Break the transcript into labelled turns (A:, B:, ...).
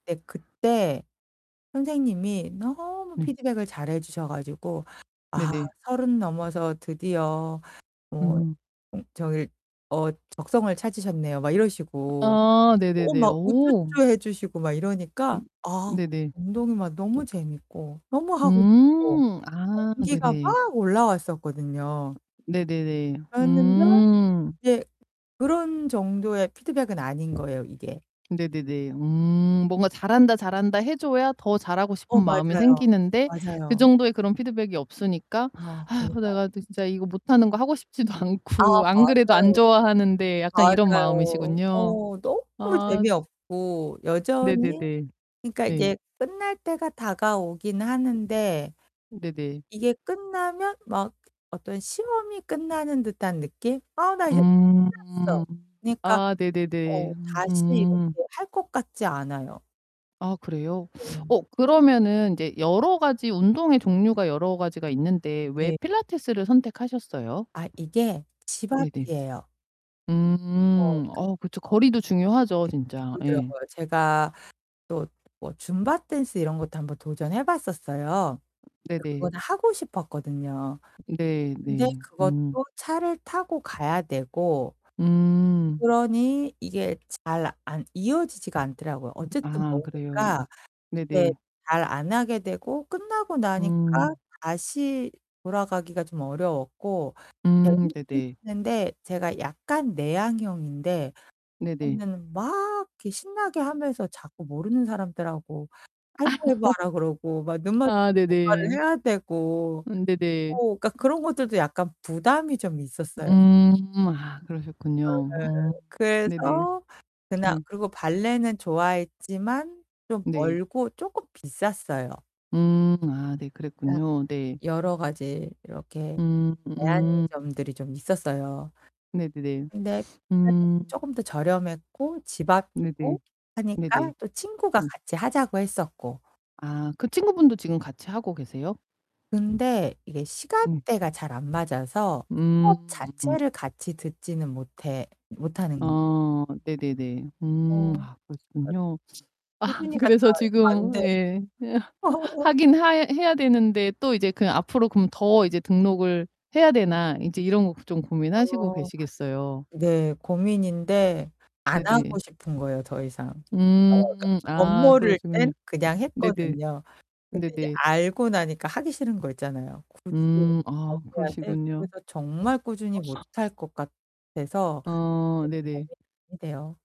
A: 네, 그때 선생님이 너무
B: 음.
A: 피드백을 잘해 주셔 가지고 "아,
B: 네네.
A: 30 넘어서 드디어 뭐
B: 음.
A: 음, 저기 어, 적성을 찾으셨네요." 막 이러시고.
B: 아,
A: 어,
B: 네네네.
A: 막
B: 오.
A: 우쭈쭈 해 주시고 막 이러니까
B: 음.
A: 아.
B: 네네.
A: 운동이 막 너무 재밌고, 너무 하고 싶고
B: 음, 아,
A: 동기가
B: 네네.
A: 막 올라왔었거든요.
B: 네네네.
A: 그랬는데
B: 음.
A: 이제 그런 정도의 피드백은 아닌 거예요, 이게.
B: 네네네. 음, 뭔가 "잘한다, 잘한다" 해 줘야 더 잘하고 싶은
A: 어,
B: 마음이
A: 맞아요.
B: 생기는데 그
A: 맞아요.
B: 정도의 그런 피드백이 없으니까
A: 아,
B: '아이고,
A: 그러니까요.
B: 내가 그 진짜 이거 못하는 거 하고 싶지도
A: 아,
B: 않고 안 그래도 안
A: 맞아요.
B: 좋아하는데.' 약간 이런
A: 맞아요.
B: 마음이시군요.
A: 어, 너무
B: 아.
A: 재미없고 여전히
B: 네네네.
A: 그러니까
B: 네.
A: 이게 끝날 때가 다가오긴 하는데.
B: 네네.
A: 이게 끝나면 막 어떤 시험이 끝나는 듯한 느낌? "아, 나 이제
B: 음.
A: 끝났어." 그러니까
B: 아, 네네네.
A: 어, 다시
B: 음.
A: 이렇게 할 것 같지 않아요.
B: 아, 그래요?
A: 네.
B: 어, 그러면은 인제 여러 가지 운동의 종류가 여러 가지가 있는데 왜
A: 네.
B: 필라테스를 선택하셨어요?
A: 아, 이게 집
B: 네네.
A: 앞이에요. 어,
B: 음,
A: 그.
B: 어, 그쵸. 거리도 중요하죠,
A: 네,
B: 진짜. 예.
A: 그러더라고요. 제가 또 뭐 줌바 댄스 이런 것도 1 번 도전해 봤었어요. 근데
B: 네네.
A: 그거는 하고 싶었거든요.
B: 네.
A: 근데
B: 네.
A: 그것도
B: 음.
A: 차를 타고 가야 되고
B: 음.
A: 그러니 이게 잘 안 이어지지가 않더라고요. 어쨌든
B: 아, 그래요. 음.
A: 머니까 이게
B: 네네.
A: 잘 안 하게 되고 끝나고 나니까
B: 음.
A: 다시 돌아가기가 좀 어려웠고
B: 음,
A: 재밌긴
B: 네네.
A: 했는데 제가 약간 내향형인데
B: 네네.
A: 그거는 막 이렇게 신나게 하면서 자꾸 모르는 사람들하고
B: 아.
A: 하이파이브 하라 그러고 막 눈만
B: 아,
A: 마주치면 뭔가를
B: 네네.
A: 해야 되고
B: 음,
A: 어,
B: 네네.
A: 그러니까 그런 것들도 약간 부담이 좀 있었어요.
B: 음. 음, 아.
A: 네네.
B: 그러셨군요. 음. 네네.
A: 그래서 그날
B: 네.
A: 그거 발레는 좋아했지만 좀
B: 네.
A: 멀고 쪼끔 비쌌어요.
B: 음. 아 네. 그랬군요. 네.
A: 여러 가지 이렇게
B: 음 음.
A: 제한점들이 좀 있었어요.
B: 네네네.
A: 근데 필라테스는
B: 음.
A: 쪼끔 더 저렴했고 집
B: 네네.
A: 앞이고
B: 네네.
A: 하니까 또 친구가
B: 음.
A: 같이 하자고 했었고.
B: 아, 그 친구분도 같이 하고 계세요?
A: 근데 이게
B: 음.
A: 시간대가 잘 안 맞아서 수업
B: 음.
A: 자체를 같이 듣지는 못해. 못하는
B: 아. 네네네. 음.
A: 어,
B: 아,
A: 그러니까
B: 그렇겠군요. 아
A: 꾸준히 가기가
B: 그래서
A: 잘 안
B: 지금
A: 돼.
B: 예. 예. '하긴 하야 해야 되는데 또 이제 그냥 앞으로 그럼 더 이제 등록을 해야 되나?' 인제 이런 거 좀 고민하시고
A: [unintelligible]
B: 계시겠어요.
A: 네, 고민인데 안
B: 네네.
A: 하고 싶은 거예요, 더 이상. 그러니까
B: 음, 아,
A: 멋모를
B: 그러시군요.
A: 땐 그냥
B: 네네.
A: 했거든요. 근데 이제
B: 네네.
A: 알고 나니까 하기 싫은 거 있잖아요. "굳이
B: 음,
A: 다시
B: 아,
A: 해야 돼?"
B: 그러시군요.
A: 그래서 정말 꾸준히
B: [unintelligible]
A: 못할 것 같아서
B: 아,
A: 이제는
B: 네네.
A: [unintelligible] 대요.